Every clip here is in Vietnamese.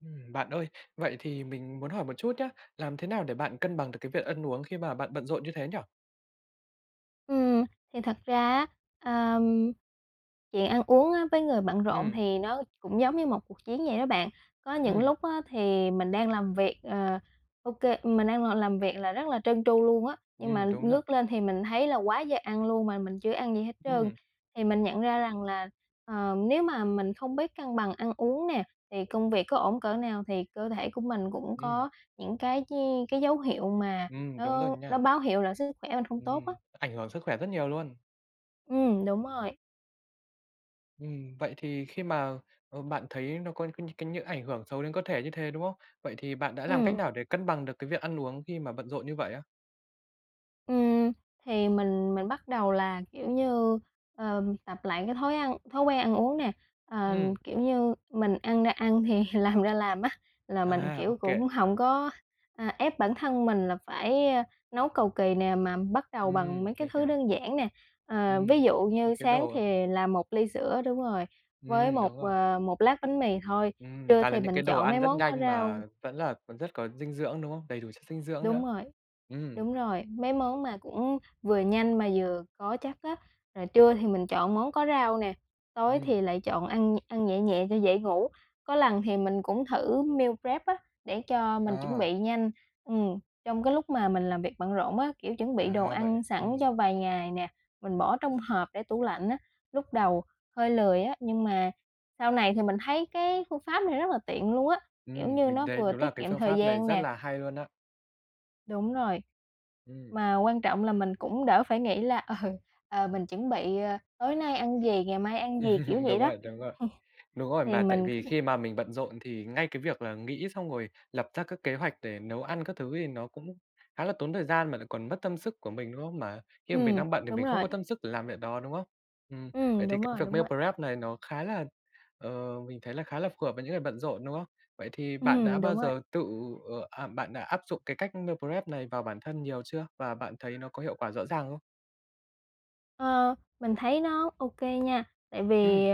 Ừm, bạn ơi, vậy thì mình muốn hỏi một chút nhá, làm thế nào để bạn cân bằng được cái việc ăn uống khi mà bạn bận rộn như thế nhỉ? Ừm, thì thật ra á, ờ, chuyện ăn uống á với người bận rộn Ừm. thì nó cũng giống như một cuộc chiến vậy đó bạn. Có những Ừm. lúc á thì mình đang làm việc, ờ, ô kê mình đang ngồi làm việc là rất là trơn tru luôn á, nhưng mà Ừm, đúng nà. ngước lên thì mình thấy là quá giờ ăn luôn mà mình chưa ăn gì hết trơn. Ừm. Thì mình nhận ra rằng là, ờ, nếu mà mình không biết cân bằng ăn uống nè, thì công việc có ổn cỡ nào thì cơ thể của mình cũng Ừm. có những cái chi cái dấu hiệu mà Ừm, đúng rồi nó nó nha. báo hiệu là sức khỏe mình không tốt Ừm, á. ảnh hưởng sức khỏe rất nhiều luôn. Ừm, đúng rồi. Ừm, vậy thì khi mà, ờ, bạn thấy nó có nh cái những ảnh hưởng xấu đến cơ thể như thế, đúng không? Vậy thì bạn đã làm cách Ừm. nào để cân bằng được cái việc ăn uống khi mà bận rộn như vậy á? Ừm, thì mình mình bắt đầu là, kiểu như, ờ, tập lại cái thói ăn thói quen ăn uống nè, ờ, Ừm. kiểu như, mình ăn ra ăn thì làm ra làm á. Là mình, À, ô kiểu, kê. cũng hổng có, à, ép bản thân mình là phải, ơ, nấu cầu kì nè mà bắt đầu bằng Ừm, mấy cái mình thứ hiểu. đơn giản nè. Ờ, ví Ừm, dụ như những cái sáng đồ thì làm một ly sữa, đúng rồi, với Ừm, một, đúng rồi. ờ, một lát bánh mì thôi, Ừm, trưa toàn là thì những mình cái đồ chọn ăn mấy rất món có nhanh rau. mà vẫn là còn rất có dinh dưỡng, đúng không? Đầy đủ chất dinh dưỡng nữa. Đúng rồi. Ừm. Đúng rồi. Mấy món mà cũng vừa nhanh mà vừa có chất á. Là trưa thì mình chọn món có rau nè, tối thì Ừm. lại chọn ăn ăn nhẹ nhẹ cho dễ ngủ. Có lần thì mình cũng thử meal prep á để cho mình chuẩn À. bị nhanh. Ừm, trong cái lúc mà mình làm việc bận rộn á, kiểu, chuẩn bị đồ À, vậy à? ăn sẵn Ừm. cho vài ngày nè, mình bỏ trong hộp để tủ lạnh á. Lúc đầu hơi lười á nhưng mà sau này thì mình thấy cái phương pháp này rất là tiện luôn á, kiểu Ừm, như, mình nó thấy vừa đúng là tiết cái kiệm phương thời pháp này gian rất nè là hay luôn á! Đúng rồi. Ừm. Mà quan trọng là mình cũng đỡ phải nghĩ là "Ờ, ờ, mình chuẩn bị, ờ, tối nay ăn gì? Ngày mai ăn gì?'', kiểu vậy Đúng đó. rồi, đúng rồi. Đúng rồi, Thì mà tại mình c vì khi mà mình bận rộn thì ngay cái việc là nghĩ xong rồi lập ra các kế hoạch để nấu ăn các thứ thì nó cũng khá là tốn thời gian mà lại còn mất tâm sức của mình, đúng không? Mà khi mà mình Ừm, đang bận thì đúng mình không có rồi. tâm sức để làm việc đó, đúng không? Ừm, vậy Ừm, thì đúng cái rồi, việc đúng meal rồi. prep này nó khá là ờ, mình thấy là khá là phù hợp với những người bận rộn, đúng không? Vậy thì bạn đã Ừm, bao đúng rồi. giờ tự ờ, à, bạn đã áp dụng cái cách meal prep này vào bản thân nhiều chưa? Và bạn thấy nó có hiệu quả rõ ràng không? Ờ, mình thấy nó OK nha tại vì, Ừm.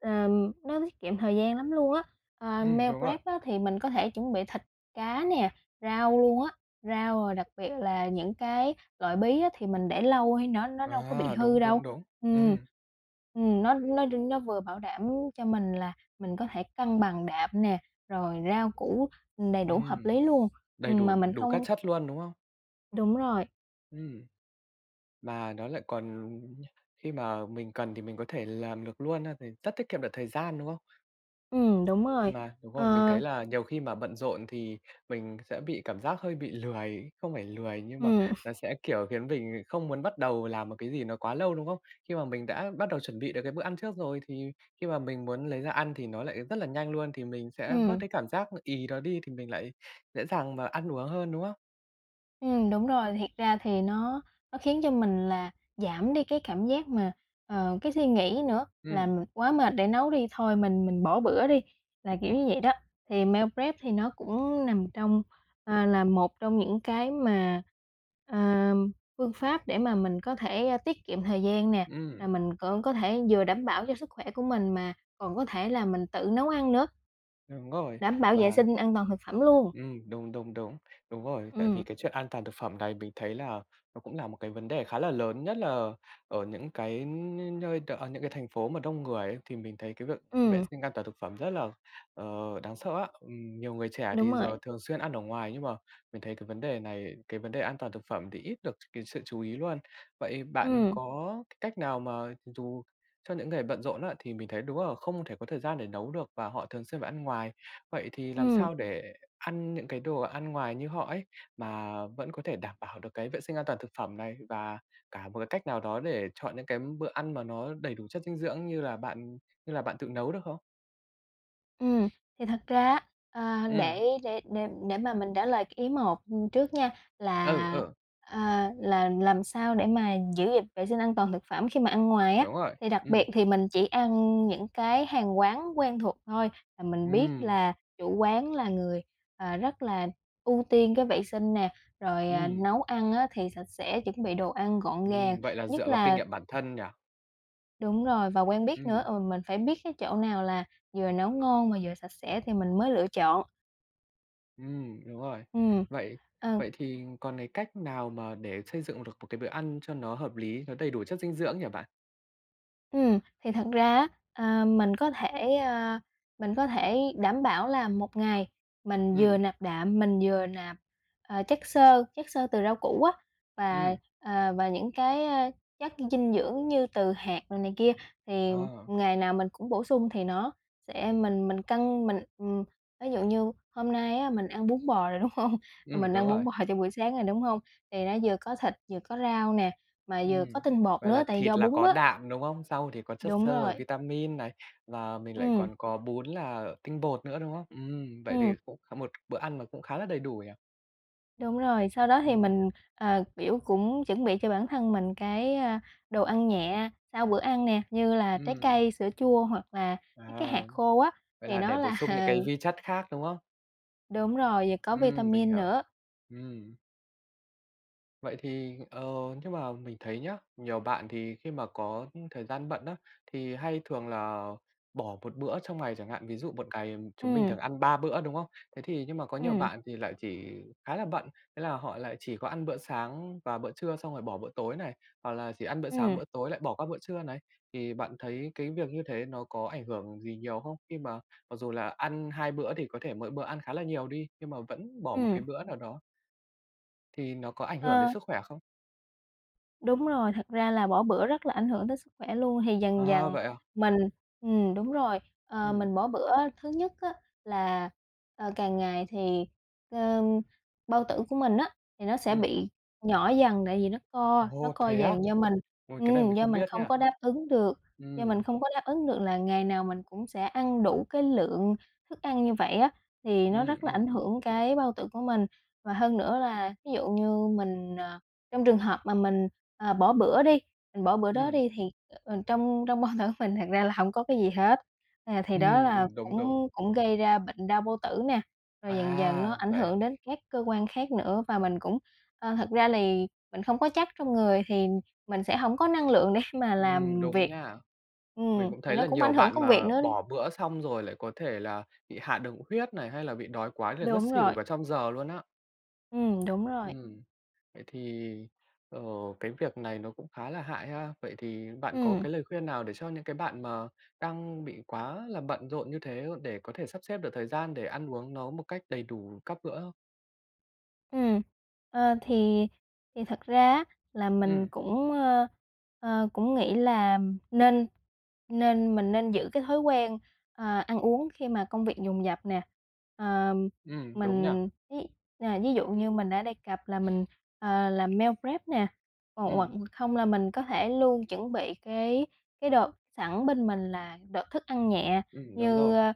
ừm, nó tiết kiệm thời gian lắm luôn á. À, Ừm, meo đúng rồi. rép á thì mình có thể chuẩn bị thịt, cá nè, rau luôn á. Rau rồi đặc biệt là những cái loại bí á thì mình để lâu hay nó nó đâu có bị Wow! hư Đúng, đâu. đúng, đúng! Ừm. Ừm. Ừm. Nó nó đưa nó vừa bảo đảm cho mình là mình có thể cân bằng đạm nè rồi rau củ, ừm, đầy đủ hợp Ừm, lý luôn, đầy ừm, đủ mà mình đủ các không chất luôn, đúng không? Đúng rồi. Ừm. Mà nó lại còn, ừm, khi mà mình cần thì mình có thể làm được luôn ha thì rất tiết kiệm được thời gian, đúng không? Ừm, đúng rồi. Mà đúng rồi, mình Ờ. thấy là nhiều khi mà bận rộn thì mình sẽ bị cảm giác hơi bị lười không phải lười nhưng mà Ừm. là sẽ, kiểu, khiến mình bị không muốn bắt đầu làm một cái gì nó quá lâu, đúng không? Khi mà mình đã bắt đầu chuẩn bị được cái bữa ăn trước rồi, thì khi mà mình muốn lấy ra ăn thì nó lại rất là nhanh luôn, thì mình sẽ bớt Ừm. cái cảm giác nó ì đó đi thì mình lại dễ dàng mà ăn uống hơn, đúng không? Ừm, đúng rồi. Thiệt ra thì nó nó khiến cho mình là giảm đi cái cảm giác mà, ờ, cái suy nghĩ nữa là Ừm. "mình quá mệt để nấu đi, thôi mình mình bỏ bữa đi" là, kiểu, như vậy đó. Thì meal prep thì nó cũng nằm trong, a, là một trong những cái mà, ờ, phương pháp để mà mình có thể, a, tiết kiệm thời gian nè, Ửm. rồi mình cũng có thể vừa đảm bảo cho sức khỏe của mình mà còn có thể là mình tự nấu ăn nữa. Đúng rồi. Đảm bảo vệ Và sinh an toàn thực phẩm luôn. Ừm, đúng, đúng, đúng! Đúng rồi. Tại vì Ừm. cái chuyện an toàn thực phẩm này mình thấy là nó cũng là một cái vấn đề khá là lớn. Nhất là ở những cái những nơi đ ở những cái thành phố mà đông người ấy, thì mình thấy cái việc vệ Ừm. sinh an toàn thực phẩm rất là, đáng sợ á. Ừm, nhiều người trẻ Đúng thì giờ rồi. thường xuyên ăn ở ngoài, nhưng mà mình thấy cái vấn đề này, cái vấn đề an toàn thực phẩm thì ít được cái sự chú ý luôn. Vậy bạn Ừm. có cách nào mà dù cho những người bận rộn á thì mình thấy đúng là không thể có thời gian để nấu được và họ thường xuyên phải ăn ngoài. Vậy thì làm Ừm. sao để ăn những cái đồ ăn ngoài như họ ấy, mà vẫn có thể đảm bảo được cái vệ sinh an toàn thực phẩm này, và cả một cái cách nào đó để chọn những cái bữa ăn mà nó đầy đủ chất dinh dưỡng như là bạn như là bạn tự nấu, được không? Ừm. Thì thật ra á, ờ, Ừm. để để để để mà mình trả lời cái ý một, ừm, trước nha, Ừ, là ừ. ờ, là làm sao để mà giữ gìn vệ sinh an toàn thực phẩm khi mà ăn ngoài á? Đúng rồi. Thì đặc biệt Ừm. thì mình chỉ ăn những cái hàng quán quen thuộc thôi, là mình biết Ừm. là chủ quán là người, à, rất là ưu tiên cái vệ sinh nè, rồi, à, Ừm. nấu ăn á, thì sạch sẽ, chuẩn bị đồ ăn gọn gàng, Ừm, vậy là nhất dựa vào kinh là nghiệm bản thân nhỉ? Đúng rồi, và quen biết nữa. Ừm. Ừ, mình phải biết cái chỗ nào là vừa nấu ngon và vừa sạch sẽ thì mình mới lựa chọn. Ừm. Đúng rồi. Ừm. Vậy À. vậy thì còn cái cách nào mà để xây dựng được một cái bữa ăn cho nó hợp lý, nó đầy đủ chất dinh dưỡng nhỉ bạn? Ừm, thì thật ra á, ờ, mình có thể mình có thể, ờ, mình có thể đảm bảo là một ngày mình vừa Ừm. nạp đạm, mình vừa nạp, ờ, chất xơ chất, xơ từ rau củ á, và, Ừm. ờ, và những cái, a, chất dinh dưỡng như từ hạt rồi này kia. Thì À. ngày nào mình cũng bổ sung thì nó sẽ mình mình cân mình ừm, ví dụ như hôm nay á, mình ăn bún bò rồi, đúng không? Ừm. Mình Đúng ăn bún rồi. bò trong buổi sáng rồi, đúng không? Thì nó vừa có thịt, vừa có rau nè, mà vừa có Ừm. tinh bột Vậy nữa, là tại do thịt là bún có á. đạm, đúng không? Rau thì còn chất Đúng xơ và rồi. vitamin này. Và mình lại Ừm. còn có bún là tinh bột nữa, đúng không? Ừm, vậy thì Ừm. cũng có một bữa ăn cũng khá là đầy đủ nhỉ. Đúng rồi. Sau đó thì Ừm. mình, à, kiểu, cũng chuẩn bị cho bản thân mình cái, a, đồ ăn nhẹ sau bữa ăn nè, như là trái Ừm. cây, sữa chua hoặc là mấy cái À. hạt khô á, Vậy thì là để nó bổ là sung những cái vi chất khác, đúng không? Đúng rồi, vừa có Ừm. Mình vitamin hiểu. nữa. Ừm. Vậy thì ờ, nhưng mà mình thấy nhá, nhiều bạn thì khi mà có thời gian bận á, thì hay thường là bỏ một bữa trong ngày chẳng hạn. Ví dụ một ngày chúng mình Ừm. thường ăn 3 bữa, đúng không? Thế thì nhưng mà có nhiều Ừm. bạn thì lại chỉ khá là bận, thế là họ lại chỉ có ăn bữa sáng và bữa trưa xong rồi bỏ bữa tối này. Hoặc là chỉ ăn bữa sáng, Ừm. bữa tối lại bỏ qua bữa trưa này. Thì bạn thấy cái việc như thế nó có ảnh hưởng gì nhiều không? Khi mà mặc dù là ăn 2 bữa thì có thể mỗi bữa ăn khá là nhiều đi, nhưng mà vẫn bỏ một Ừm. bữa nào đó thì nó có ảnh hưởng đến Ờ. sức khỏe không? Đúng rồi. Thật ra là bỏ bữa rất là ảnh hưởng đến sức khỏe luôn. Thì dần À, dần vậy à? mình ừm, đúng rồi, ờ, Ừm. mình bỏ bữa, thứ nhất á, là, ờ, càng ngày thì, ờ, bao tử của mình á, thì nó sẽ Ừm. bị nhỏ dần, tại vì nó co, nó Ô, co thế á? dần, do mình Ôi, cái này ừm mình do không mình biết không nha. có đáp ứng được do mình Ừm. không có đáp ứng được là ngày nào mình cũng sẽ ăn đủ cái lượng thức ăn như vậy á. Thì nó Ừm, rất là ảnh ừm. hưởng cái bao tử của mình và hơn nữa là ví dụ như mình, à trong trường hợp mà mình, à, bỏ bữa đi, mình bỏ bữa đó Ừm. đi, thì, ờ, trong trong bao tử mình thật ra là hông có cái gì hết. À, thì đó Ừm, là ừm. Đúng, đúng. cũng cũng gây ra bệnh đau bao tử nè, rồi dần dần nó À, ảnh vậy à? hưởng đến các cơ quan khác nữa. Và mình cũng ờ, thật ra lì mình không có chất trong người thì mình sẽ hổng có năng lượng để mà Ừm. làm Đúng việc. nha! Mình Ừm, cũng thì thấy nó là cũng nhiều ảnh hưởng bạn công việc mà nữa. bỏ bữa xong rồi lại có thể là bị hạ đường huyết này hay là bị đói quá rồi ngất Đúng xỉu rồi. cả trong giờ luôn á. Ừm, đúng rồi. Ừm. Vậy thì, ờ, cái việc này nó cũng khá là hại ha? Vậy thì bạn có Ừm. cái lời khuyên nào để cho những bạn mà đang bị quá là bận rộn như thế để có thể sắp xếp được thời gian để ăn uống nó một cách đầy đủ các bữa không? Ừm. Ờ, thì thì thật ra á, là mình Ừm. cũng, ơ, ờ, cũng nghĩ là nên nên mình nên giữ cái thói quen, à, ăn uống khi mà công việc dồn dập nè. À, Ừm, đúng nhỉ. mình ví, à, ví dụ như mình đã đề cập là mình, à, làm meal prep nè. Ồ, hoặc Ừm. không là mình có thể luôn chuẩn bị cái cái đợt sẵn bên mình là đợt thức ăn nhẹ, Ừm. Đúng như, rồi. a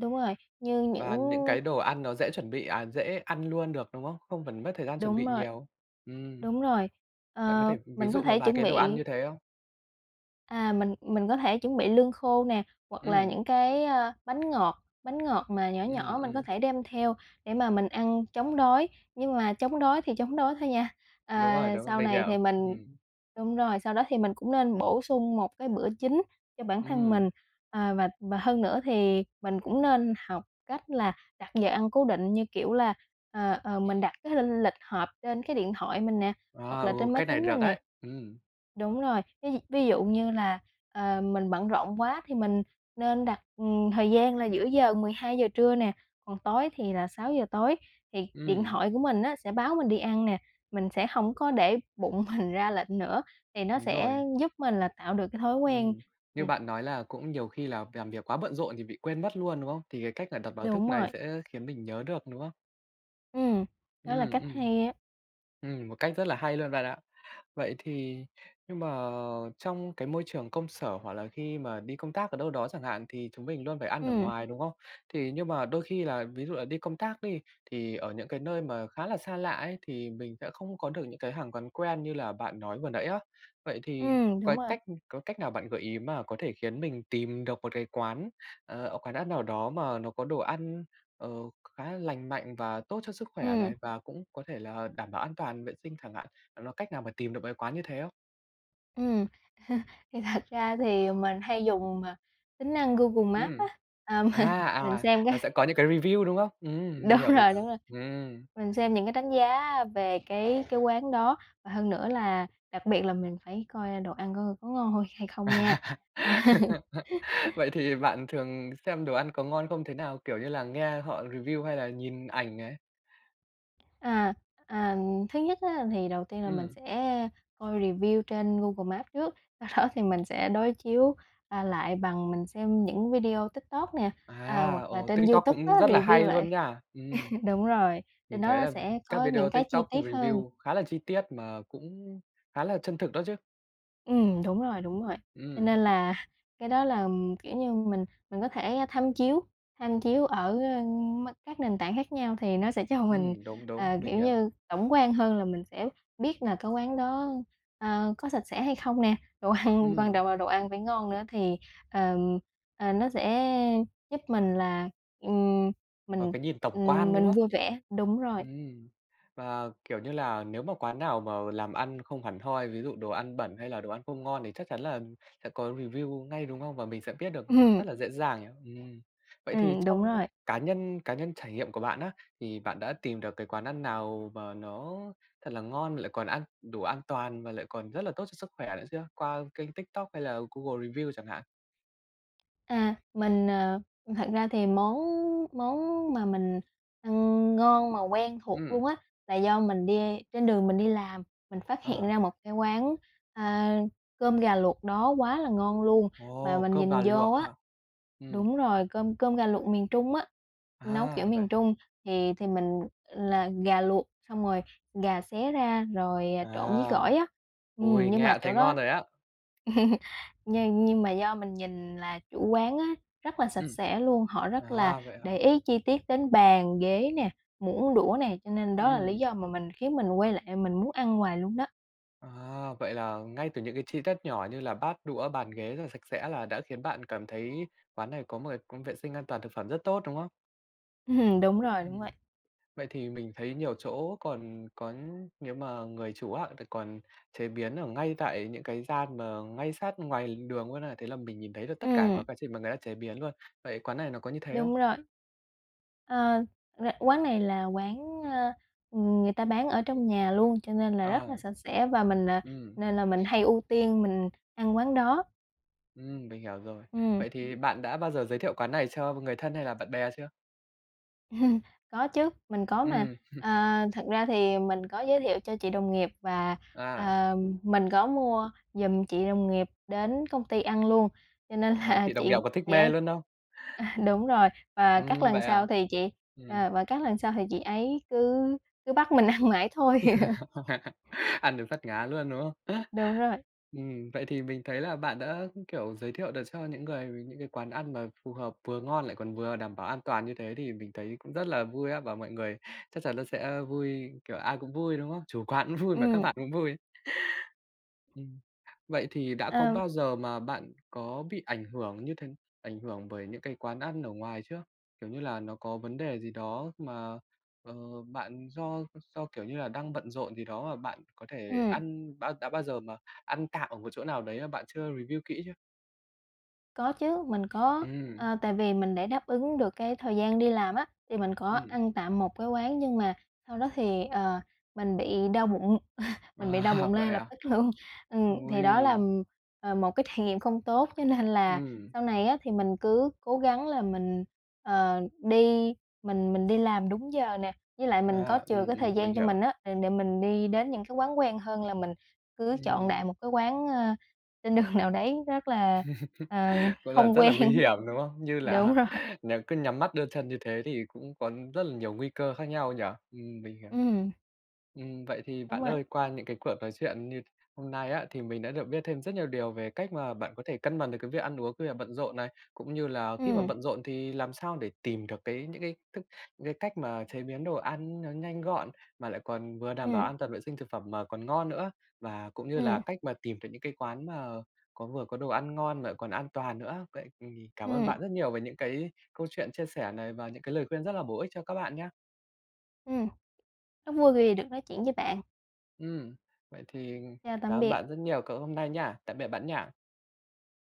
đúng rồi. Như những Và những cái đồ ăn nó dễ chuẩn bị à, dễ ăn luôn được, đúng không? Không cần mất thời gian chuẩn Đúng bị rồi, nhiều. Ừm, đúng rồi, bạn có ờ, thể ví mình có dụ một thể vài chuẩn cái đồ ăn bị như thế không? à, mình mình có thể chuẩn bị lương khô nè, hoặc là Ừm. những cái, a, bánh ngọt, bánh ngọt mà nhỏ Ừm, nhỏ mình có ừm. thể đem theo để mà mình ăn chống đói. Nhưng mà chống đói thì chống đói thôi nha, ờ, Đúng rồi, đúng. sau Mình này hiểu. thì mình Ừm. đúng rồi, sau đó thì mình cũng nên bổ sung một cái bữa chính cho bản thân Ừm. mình. À, và và hơn nữa thì mình cũng nên học cách là đặt giờ ăn cố định như kiểu là ờ ờ mình đặt cái linh lịch họp trên cái điện thoại mình nè, À, hoặc ừ. là trên máy Cách này tính mình được nè ấy. Ừm. đúng rồi, ví ví dụ như là, ờ, mình bận rộn quá thì mình nên đặt, ừm, thời gian là giữa giờ, 12:00 trưa nè, còn tối thì là 6:00 tối thì điện Ừm. thoại của mình nó sẽ báo mình đi ăn nè. Mình sẽ hổng có để bụng mình ra lệnh nữa, thì nó Đúng sẽ rồi. giúp mình là tạo được cái thói quen Ừm. Như nè. bạn nói là cũng nhiều khi là làm việc quá bận rộn thì bị quên mất luôn, đúng không? Thì cái cách là đặt báo thức Đúng rồi. này sẽ khiến mình nhớ được, đúng không? Ừm, đó là Ừm, cách ừm. hay á. Ừm, một cách rất là hay luôn bạn ạ. Vậy thì nhưng mà trong cái môi trường công sở hoặc là khi mà đi công tác ở đâu đó chẳng hạn thì chúng mình luôn phải ăn ở Ừm. ngoài, đúng không? Thì nhưng mà đôi khi là ví dụ là đi công tác đi, thì ở những cái nơi mà khá là xa lạ ấy, thì mình sẽ không có được những hàng quán quen như là bạn nói vừa nãy á, vậy thì Ừm, đúng cói rồi. cách có cách nào bạn gợi ý mà có thể khiến mình tìm được một cái quán, ờ, quán ăn nào đó mà nó có đồ ăn, ờ, khá lành mạnh và tốt cho sức khỏe Ừm. này và cũng có thể là đảm bảo an toàn vệ sinh chẳng hạn? Bạn có cách nào mà tìm được mấy quán như thế không? Ừm, thì thật ra thì mình hay dùng, ờ, tính năng Google Maps á. Ừm. À, m À, mình à, xem nó cái sẽ có những cái review, đúng không? Ừm. Mình đúng hiểu, mình rồi, hiểu. đúng rồi. Ừm. Mình xem những cái đánh giá về cái cái quán đó và hơn nữa là đặc biệt là mình phải coi, a, đồ ăn coi có ngon hôi hay À. không nha! Vậy thì bạn thường xem đồ ăn có ngon không thế nào? Kiểu như là, nghe họ review hay là nhìn ảnh này? À, à, thứ nhất á thì đầu tiên là mình Ừm. sẽ coi review trên Google Maps trước, sau đó thì mình sẽ đối chiếu, à, lại bằng mình xem những video TikTok nè, à À, hoặc là ồ. trên TikTok YouTube á cũng rất là review hay lại luôn nha! Ừm. đúng rồi, trên Mình đó thấy nó là sẽ các có video những cái chi Tiktok tiết hơn. review khá là chi tiết mà cũng khá là chân thực đó chứ. Ừm, đúng rồi, đúng rồi. Cho Ừm. nên là cái đó là, ừm, kiểu như, mình mình có thể tham chiếu tham chiếu ở, ơ, m các nền tảng khác nhau thì nó sẽ cho mình, Ừm, đúng, đúng. à, Mình kiểu hiểu. như, tổng quan hơn là mình sẽ biết là cái quán đó, a, có sạch sẽ hay không nè? Đồ ăn quan Ừm. trọng là đồ ăn phải ngon nữa thì, ờ, ờ, nó sẽ giúp mình là, ừm, Có mình, cái nhìn tổng ừm, quan, đúng mình không? vui vẻ đúng rồi. Ừm, và, kiểu như là, nếu mà quán nào mà làm ăn không hẳn hoi, ví dụ đồ ăn bẩn hay là đồ ăn không ngon thì chắc chắn là sẽ có review ngay, đúng không? Và mình sẽ biết được Ừm. rất là dễ dàng nhỉ? Ừm, vậy thì Ừm, đúng trong rồi. cá nhân cá nhân trải nghiệm của bạn á, thì bạn đã tìm được cái quán ăn nào mà nó thật là ngon lại còn an đủ an toàn và lại còn rất là tốt cho sức khỏe nữa chưa? Qua kênh Tiktok hay Google Reviews chẳng hạn? À, mình, ờ thật ra thì món món mà mình ăn ngon mà quen thuộc Ừm. luôn á, là do mình đi trên đường mình đi làm mình phát hiện Ờ. ra một cái quán, a, cơm gà luộc đó quá là ngon luôn. Mà Ồ, mình cơm nhìn gà luộc vô á hả? Ừm. đúng rồi, cơm cơm gà luộc miền Trung á, nấu kiểu À, vậy miền hả? Trung, thì thì mình là gà luộc xong rồi gà xé ra rồi, à, trộn với À, gỏi á. Ừm, ôi, nhưng nghe mà đã chỗ thấy ngon đó rồi á! nhưng nhưng mà do mình nhìn là chủ quán á rất là sạch Ừm. sẽ luôn. Họ rất là À, vậy hả? để ý chi tiết đến bàn, ghế nè, muỗng đũa nè, cho nên đó là lý Ừm. do mà mình khiến mình quay lại mình muốn ăn hoài luôn đó. À, vậy là ngay từ những cái chi tiết nhỏ như là bát đũa, bàn ghế rất là sạch sẽ là đã khiến bạn cảm thấy quán này có một cái cũng vệ sinh an toàn thực phẩm rất tốt, đúng không? Ừm, đúng rồi, đúng vậy. Ừm. Vậy thì mình thấy nhiều chỗ còn có nếu mà người chủ á, thì còn chế biến ở ngay tại những cái gian mà ngay sát ngoài đường luôn á. Thế là mình nhìn thấy được tất cả, Ừm. cả quá trình mà người ta chế biến luôn. Vậy quán này nó có như thế không? Đúng rồi. À, ra quán này là quán, a, ừm, người ta bán ở trong nhà luôn cho nên là rất À, là sạch sẽ và mình, à ừm. nên là mình hay ưu tiên mình ăn quán đó. Ừm, mình hiểu rồi. Ừm. Vậy thì bạn đã bao giờ giới thiệu quán này cho người thân hay là bạn bè chưa? Có chứ, mình có, mà, Ừm, hừm. ờ, thật ra thì mình có giới thiệu cho chị đồng nghiệp và, À. ờm, mình có mua giùm chị đồng nghiệp đến công ty ăn luôn. Cho nên Vậy à, là chị đồng nghiệp chị, có thích chị mê ấy luôn không? đúng rồi, và các Ừm, lần vậy à? sau thì chị ờ, Ừm. và các lần sau thì chị ấy cứ cứ bắt mình ăn mãi thôi. Ăn đến phát ngán luôn, đúng không? Đúng rồi. Ừm, vậy thì mình thấy là bạn đã, kiểu, giới thiệu được cho những người với những cái quán ăn mà phù hợp, vừa ngon lại còn vừa đảm bảo an toàn như thế thì mình thấy cũng rất là vui á. Và mọi người chắc chắn là sẽ vui, kiểu, ai cũng vui, đúng không? Chủ quán cũng vui mà các Ừm. bạn cũng vui. Ừm, vậy thì đã có Ờm. bao giờ mà bạn có bị ảnh hưởng như th ảnh hưởng bởi những cái quán ăn ở ngoài chưa? Kiểu như là, nó có vấn đề gì đó mà, ờ, bạn do do, kiểu như là, đang bận rộn gì đó mà bạn có thể Ừm. ăn bã đã bao giờ mà ăn tạm ở một chỗ nào đấy mà bạn chưa review kĩ chưa? Có chứ, mình có, Ừm. ờ, tại vì mình để đáp ứng được cái thời gian đi làm á, thì mình có Ừm. ăn tạm một cái quán, nhưng mà sau đó thì, ờ, mình bị đau bụng mình bị đau Wow! bụng lay Vậy lập à. tức luôn. Ừm, thì đó là, Ôi. ừm, ờ, một cái trải nghiệm không tốt cho nên là Ừm. sau này á, thì mình cứ cố gắng là mình, ờ, đi mình mình đi làm đúng giờ nè, với lại mình có À, chừa ừm, cái thời ừm, mình gian cho mình hiểu. á, để để mình đi đến những cái quán quen hơn là mình cứ chọn Ừm. đại một cái quán, ơ, trên đường nào đấy rất là, à, Cũng là hông rất là quen. nguy hiểm, đúng không? Như Đúng là rồi. nếu cứ nhắm mắt đưa chân như thế thì cũng có rất là nhiều nguy cơ khác nhau nhỉ. Ừm, mình hiểu. Ừm. Ừm, vậy thì Đúng bạn rồi. ơi, qua những cái cuộc nói chuyện như hôm nay á, thì mình đã được biết thêm rất nhiều điều về cách mà bạn có thể cân bằng được cái việc ăn uống khi bạn bận rộn này. Cũng như là khi mà Ừm. bận rộn thì làm sao để tìm được cái những cái c những cái cách mà chế biến đồ ăn nó nhanh gọn, mà lại còn vừa đảm bảo Ừm. an toàn vệ sinh thực phẩm mà còn ngon nữa. Và cũng như là Ừm. cách mà tìm được những cái quán mà có vừa có đồ ăn ngon mà lại còn an toàn nữa, vậy thì cảm ơn Ừm. bạn rất nhiều về những cái câu chuyện chia sẻ này, và những lời khuyên rất là bổ ích cho các bạn nha. Ừm. Rất vui vì được nói chuyện với bạn. Ừm. Vậy thì Chào tạm cảm ơn biệt. bạn rất nhiều c hôm nay nha, tạm biệt bạn nha.